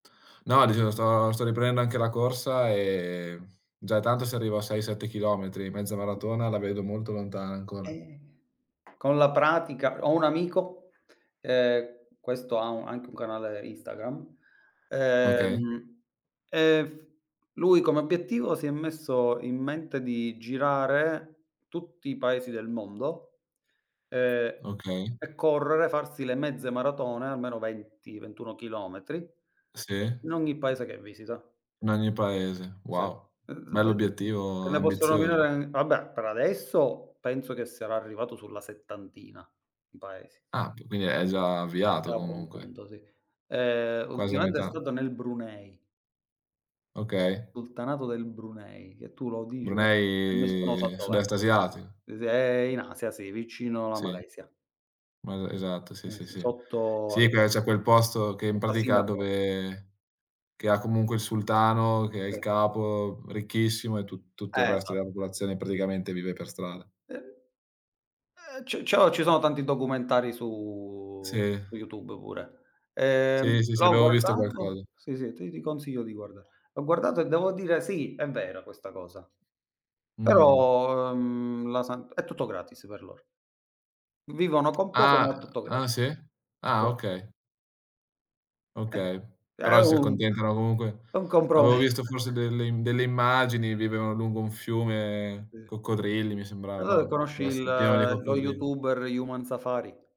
No, dicevo sto sto riprendendo anche la corsa, e già è tanto se arrivo a 6, 7 chilometri, mezza maratona la vedo molto lontana ancora. Eh, con la pratica ho un amico, ehm, questo ha u anche un canale Instagram, Okay. ehm, e f lui come obiettivo si è messo in mente di girare tutti i Paesi del mondo, ehm, Okay. e correre, farsi le mezze maratone, almeno 20, 21 chilometri Sì. in ogni Paese che visita. In ogni Paese, Sì. wow! [unintelligible] Bell'obiettivo, te ne posso ambizioso. nominare vabbè, per adesso penso che sarà arrivato sulla settantina di Paesi. Ah, che quindi è già È avviato già a buon comunque. punto, sì. Ehm, Quasi a ultimamente è metà. stato nel Brunei. Okay. Sultanato del Brunei, che tu lo dici e e nessuno sa Brunei, dov'è. sud-est asiatico. Uhm, s è in Asia, sì, vicino alla Sì. Malesia. M esatto, sì, Eh, sì, s sì. sotto al Sì, che c'è quel posto che in sotto a pratica, Singapore. dove che ha comunque il sultano, che è il [unintelligible] capo, uhm, ricchissimo e tu tutto il resto Esa della popolazione praticamente vive per strada. Eh. Eh, c cio ci sono tanti documentari su Sì. su YouTube pure. Sì, Ehm, sì, sì, l'ho avevo visto guardato qualcosa. sì, sì, ti ti consiglio di guardare. Ho guardato e devo dire: "Sì, è vera questa cosa". Mh-mh. Però, ehm, la san è tutto gratis per loro. Vivono con poco, Ah, ma è tutto grat ah sì? sì. Ah, okay. Eh, Okay, che è però si un accontentano comunque è un avevo compromesso. visto forse delle im delle immagini, vivevano lungo un fiume Uh. E coccodrilli mi sembrava, allora no, conosci dov il esse pieno di lo coccodrilli. youtuber Human Safari?